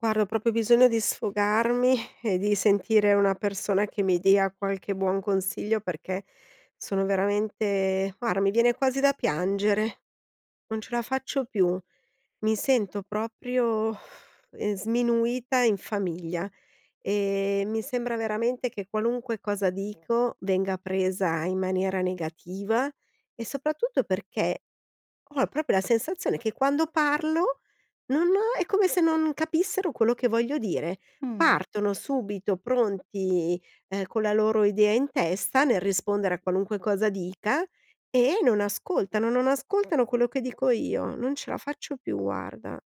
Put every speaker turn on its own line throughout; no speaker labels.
Guarda, ho proprio bisogno di sfogarmi e di sentire una persona che mi dia qualche buon consiglio, perché sono veramente, guarda, mi viene quasi da piangere, non ce la faccio più! Mi sento proprio ehm, sminuita in famiglia e mi sembra veramente che qualunque cosa dico, venga presa in maniera negativa e soprattutto perché ho proprio la sensazione che quando parlo, non ho è come se non capissero quello che voglio dire.
Mh.
Partono subito pronti, ehm, con la loro idea in testa, nel rispondere a qualunque cosa dica e non ascoltano non ascoltano quello che dico io. Non ce la faccio più, guarda.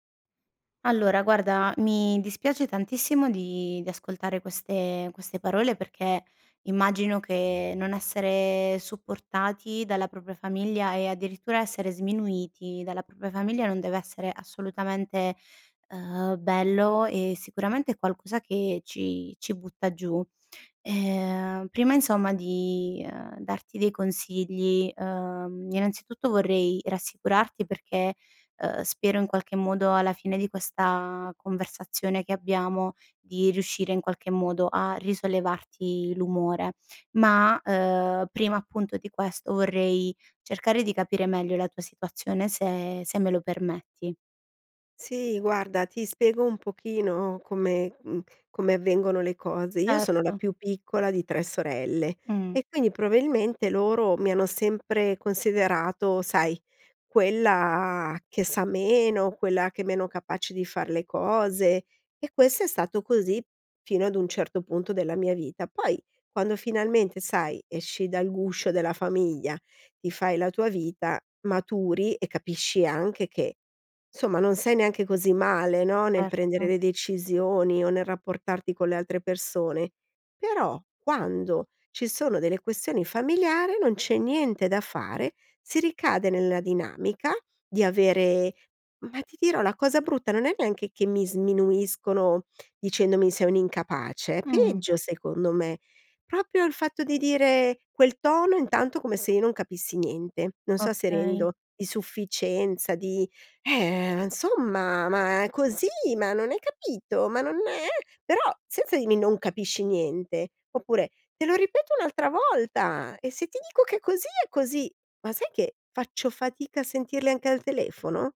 Allora, guarda, mi dispiace tantissimo di di ascoltare queste queste parole, perché immagino che non essere supportati dalla propria famiglia e addirittura essere sminuiti dalla propria famiglia, non deve essere assolutamente, ehm, bello e sicuramente è qualcosa che ci ci butta giù. Ehm, prima insomma di, ehm, darti dei consigli, ehm, innanzitutto vorrei rassicurarti, perché, ehm, spero in qualche modo alla fine di questa conversazione che abbiamo, di riuscire in qualche modo a risollevarti l'umore, ma, ehm, prima appunto di questo vorrei cercare di capire meglio la tua situazione se se me lo permetti.
Sì, guarda, ti spiego un pochino come, mhmm, come avvengono le cose. Io sono la
Erto.
più piccola di 3 sorelle
Mh.
e quindi probabilmente loro mi hanno sempre considerato, sai, quella che sa meno, quella che è meno capace di far le cose e questo è stato così fino ad un certo punto della mia vita. Poi quando finalmente, sai, esci dal guscio della famiglia, ti fai la tua vita, maturi e capisci anche che, somma non sei neanche così male no, nel prendere
Certo.
le decisioni o nel rapportarti con le altre persone. Però, quando ci sono delle questioni familiari, non c'è niente da fare, si ricade nel dinamica, di avere ma ti dirò, la cosa brutta non è neanche che mi sminuiscono dicendomi: "Sei un'incapace", é
Mh.
peggio, secondo me, proprio il fatto di dire quel tono intanto, come se io non capissi niente, non so se
Okay.
rendo, di sufficienza di: "Eh, insomma, ma così! Ma non hai capito? Ma non è"; però senza dirmi: "Non capisci niente"; oppure: "Te lo ripeto un'altra volta e se ti dico è così è così!" Ma sai che, faccio fatica a sentirle anche al telefono?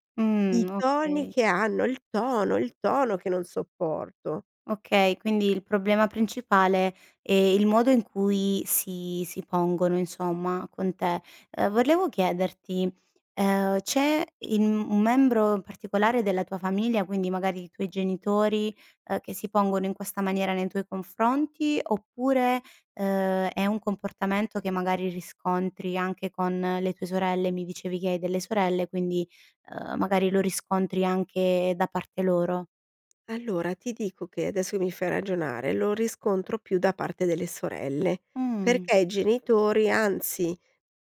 I
Mh,
toni
okay.
che hanno, il tono, è il tono che non sopporto.
Okay, quindi il problema principale è il modo in cui si si pongono insomma, con te. Ehm, volevo chiederti, ehm, c'è in un membro particolare della tua famiglia, quindi magari i tuoi genitori, uhm, che si pongono in questa maniera nei tuoi confronti? Oppure, ehm, è un comportamento che magari riscontri anche con le tue sorelle? Mi dicevi che hai delle sorelle, quindi, ehm, magari lo riscontri anche da parte loro.
Allora, ti dico che adesso e mi fai ragionare, lo riscontro più da parte delle sorelle,
Mh.
perché i genitori, anzi,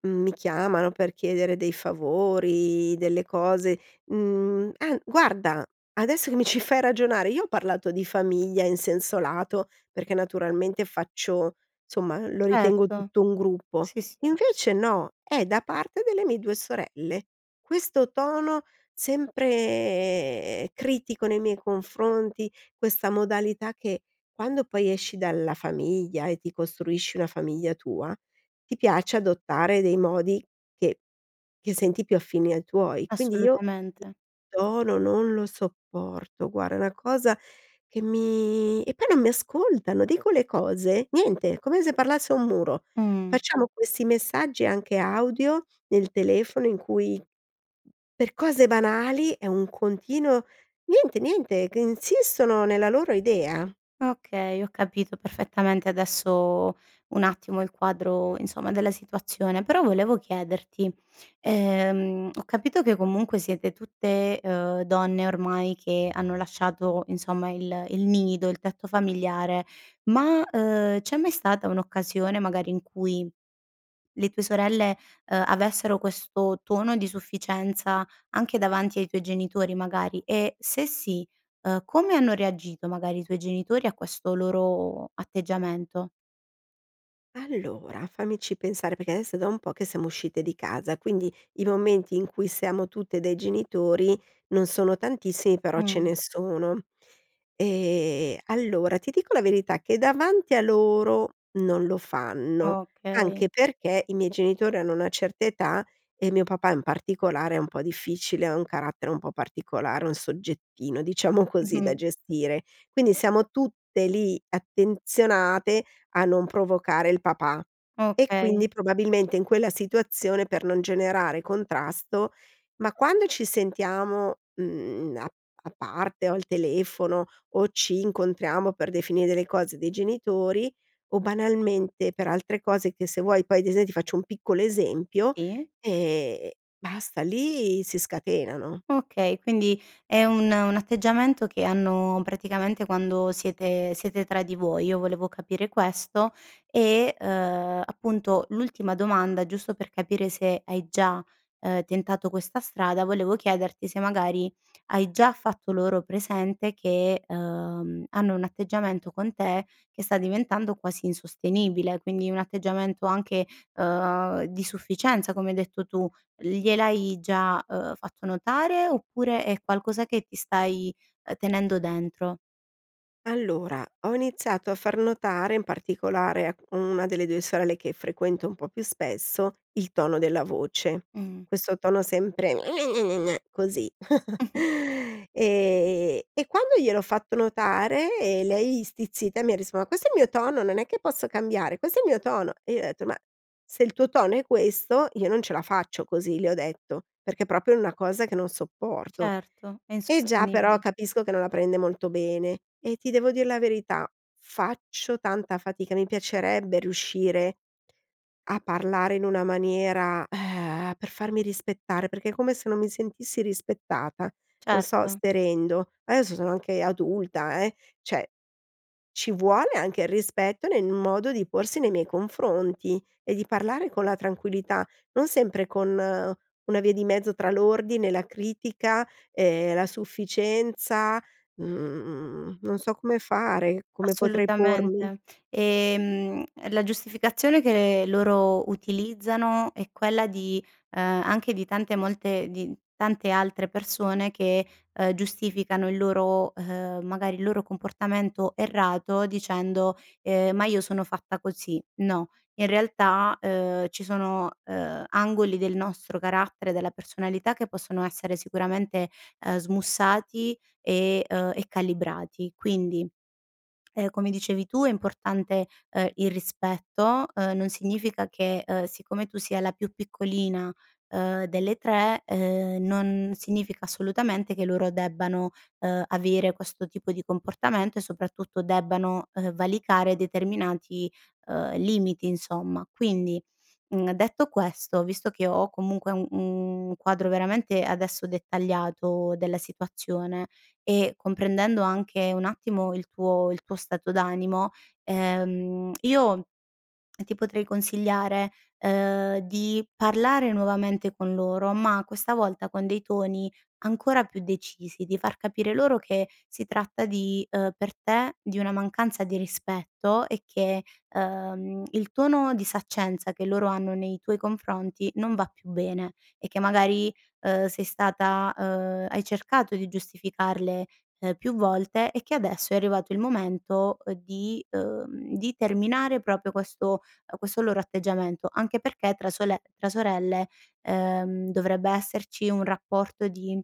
mhmm, mi chiamano per chiedere dei favori, delle cose, mhmm ah, guarda, adesso che mi ci fai ragionare io ho parlato di famiglia in senso lato, perché naturalmente faccio, somma, lo ritengo
Certo.
tutto un gruppo,
Sì, s
invece no. È da parte delle mie due sorelle, questo tono sempre critico nei miei confronti, questa modalità che quando poi esci dalla famiglia e ti costruisci una famiglia tua, ti piace adottare dei modi che che senti più affini ai tuoi. Quindi io
Assolutamente.
tono non lo sopporto. Guarda è una cosa che mi e poi non mi ascoltano, dico le cose, niente! Come se parlassi a un muro.
Mh.
Facciamo questi messaggi, anche audio nel telefono, in cui per cose banali è un continuo niente, niente! C Insistono nella la loro idea.
Okay, ho capito perfettamente adesso, un attimo, il quadro, insomma, della situazione. Però volevo chiederti, ehm, ho capito che comunque siete tutte, ehm, donne, ormai, che hanno lasciato, insomma, il il nido, il tetto familiare, ma, ehm, c'è mai stata un'occasione, magari, in cui le tue sorelle, ehm, avessero questo tono di sufficienza anche davanti ai tuoi genitori, magari? E se sì, uhm, come hanno reagito, magari, i tuoi genitori a questo loro atteggiamento?
Allora, fammici pensare, perché adesso è da un po' che siamo uscite di casa, quindi i momenti in cui siamo tutte dai genitori non sono tantissimi, però ce
Mh.
ne sono. Ehm, allora ti dico la verità, che davanti a loro non lo fanno,
Okay.
anche perché i miei genitori hanno una certa età e mio papà in particolare è un po' difficile, ha un carattere un po' particolare, un "soggettino", diciamo così, da
Mh-mh.
gestire. Quindi siamo tutte lì attenzionate a non provocare il papà e
Okay.
quindi probabilmente in quella situazione, per non generare contrasto ma quando ci sentiamo, mhmm, a a parte o al telefono o ci incontriamo per definire delle cose dei genitori o banalmente per altre cose che se vuoi poi, ad ese ti faccio un piccolo esempio,
Sì.
ehm, basta, lì si scatenano.
Okay, quindi è un un atteggiamento che hanno praticamente quando siete siete tra di voi. Io volevo capire questo e uhm, appunto, l'ultima domanda, giusto per capire se hai già, ehm, tentato questa strada, volevo chiederti se magari, hai già fatto loro presente che, ehm, hanno un atteggiamento con te che sta diventando quasi insostenibile, quindi un atteggiamento anche, uhm, di sufficienza come hai detto tu. Gliel'hai già, uhm, fatto notare oppure è qualcosa che ti stai, uhm, tenendo dentro?
Allora, ho iniziato a far notare in particolare a 1 delle 2 sorelle che frequento un po' più spesso, il tono della voce,
Mh.
questo tono sempre: "gne-gne-gne-gne", così. E e quando gliel'ho fatto notare e lei stizzita mi ha risposto: "Ma questo è il mio tono non è che posso cambiare! Questo è il mio tono!" E io ho detto: "Ma se il tuo tono è questo, io non ce la faccio così", le ho detto, perché è proprio una cosa che non sopporto.
Certo, è
E già, però
insostenibile.
capisco che non la prende molto bene e ti devo dire la verità faccio tanta fatica, mi piacerebbe riuscire a parlare in una maniera, per farmi rispettare, perché è come se non mi sentissi rispettata, non so
Certo.
se rendo. Adesso sono anche adulta, eh! Cioè, ci vuole anche il rispetto nel modo di porsi nei miei confronti e di parlare con la tranquillità, non sempre con una via di mezzo tra l'ordine e la critica, ehm, la sufficienza, mhmm, non so come fare, come potrei pormi?
Assolutamente. E, mhmm, la giustificazione che loro utilizzano è quella di, ehm, anche di tante molte di tante altre persone che, ehm, giustificano il loro, ehm, magari il loro comportamento errato dicendo, ehm: "Ma io sono fatta così"; no, in realtà, ehm, ci sono, ehm, angoli del nostro carattere, della personalità che possono essere sicuramente, ehm, smussati e uhm, e calibrati. Quindi, ehm, come dicevi tu è importante, ehm, il rispetto, uhm, non significa che, uhm, siccome tu sia la più piccolina, uhm, delle 3, uhm, non significa assolutamente che loro debbano, uhm, avere questo tipo di comportamento e soprattutto debbano, uhm, valicare determinati, uhm, limiti insomma, quindi, mhmm, detto questo, visto che ho comunque u un quadro veramente, adesso, dettagliato della situazione e comprendendo anche un attimo il tuo il tuo stato d'animo, ehm, io ti potrei consigliare, ehm, di parlare nuovamente con loro, ma questa volta con dei toni ancora più decisi. Di far capire loro che si tratta di, uhm, per te, di una mancanza di rispetto e che, uhm, il tono di saccenza che loro hanno nei tuoi confronti non va più bene e che magari, uhm, sei stata uhm, hai cercato di giustificarle, ehm, più volte e che adesso è arrivato il momento, uhm, di, uhm, di terminare proprio questo uhm, questo loro atteggiamento, anche perché tra sole tra sorelle, uhm, dovrebbe esserci un rapporto di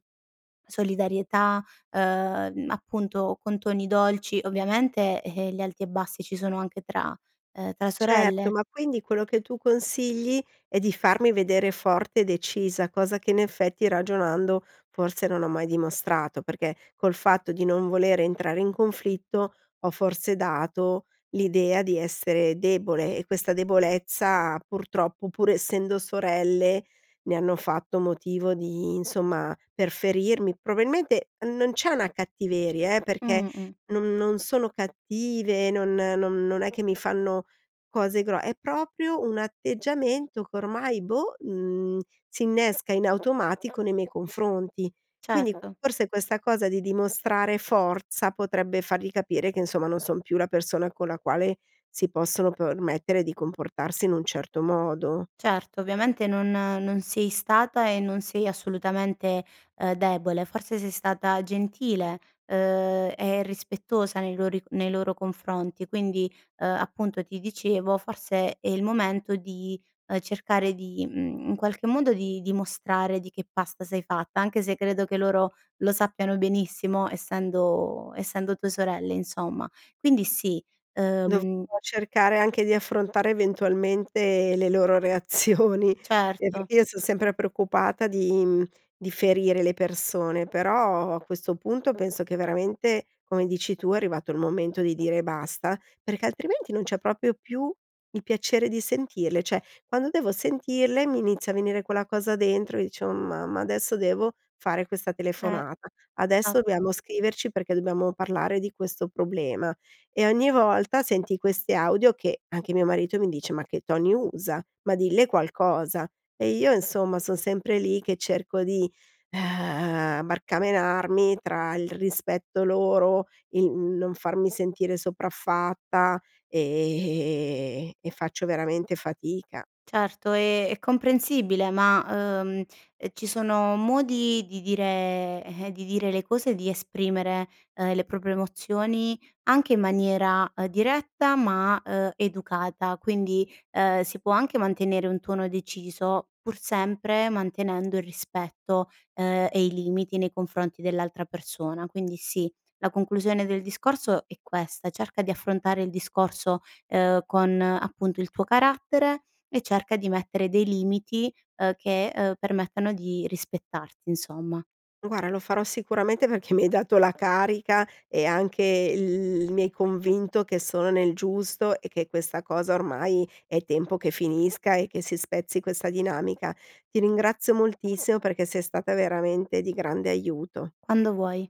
solidarietà, uhm, appunto, con toni dolci. Ovviamente, eh, gli alti e bassi ci sono anche tra, uhm, tra
Certo,
sorelle.
ma quindi quello che tu consigli è di farmi vedere forte e decisa. Cosa che in effetti ragionando, forse non ho mai dimostrato, perché col fatto di non voler entrare in conflitto, ho forse dato l'idea di essere debole e questa debolezza purtroppo, pur essendo sorelle, ne hanno fatto motivo di insomma, per ferirmi. Probabilmente non c'è una cattiveria, eh, perché
Mh-mh.
non non sono cattive, non non non è che mi fanno cose gro è proprio un atteggiamento che ormai boh, mhmm, si innesca in automatico nei miei confronti. Quindi,
Certo.
forse questa cosa di dimostrare forza, potrebbe fargli capire che insomma, non son più la persona con la quale si possono permettere di comportarsi in un certo modo.
Certo, ovviamente non non sei stata e non sei assolutamente, ehm, debole, forse sei stata gentile, uhm, e rispettosa nei lori nei loro confronti, quindi, uhm, appunto ti dicevo, forse è il momento di, uhm, cercare di, mhmm, in qualche modo di dimostrare di che pasta sei fatta. Anche se credo che loro lo sappiano benissimo essendo essendo tue sorelle insomma. Quindi sì,
Dov
uhm
cercare anche di affrontare eventualmente le loro reazioni. Eh,
Certo.
perché io son sempre preoccupata di, mhmm, di ferire le persone, però a questo punto penso che veramente, come dici tu è arrivato il momento di dire basta, perché altrimenti non c'è proprio più il piacere di sentirle, cioè, quando devo sentirle mi inizia a venire quella cosa dentro e dicevo: "Oh mamma, adesso devo fare questa
Eh,
telefonata, adesso
esat
dobbiamo scriverci perché dobbiamo parlare di questo problema". E ogni volta senti questi audio, che anche mio marito mi dice: "Ma che toni usa? Ma dille qualcosa!" E io insomma son sempre lì, che cerco di, barcamenarmi tra il rispetto loro, il non farmi sentire sopraffatta e e faccio veramente fatica.
Certo e, è comprensibile ma, uhm, ehm, ci sono modi di dire eh, di dire le cose, di esprimere, uhm, le proprie emozioni, anche in maniera, uhm, diretta, ma, uhm, educata. Quindi, ehm, si può anche mantenere un tono deciso, pur sempre mantenendo il rispetto, ehm, e i limiti nei confronti dell'altra persona. Quindi sì, la conclusione del discorso è questa. Cerca di affrontare il discorso, ehm, con appunto il tuo carattere e cerca di mettere dei limiti, ehm, che, ehm, permettano di rispettarti insomma.
Guarda lo farò sicuramente perché mi hai dato la carica e anche l mi hai convinto che sono nel giusto e che questa cosa ormai è tempo che finisca e che si spezzi questa dinamica. Ti ringrazio moltissimo, perché sei stata veramente di grande aiuto.
Quando vuoi.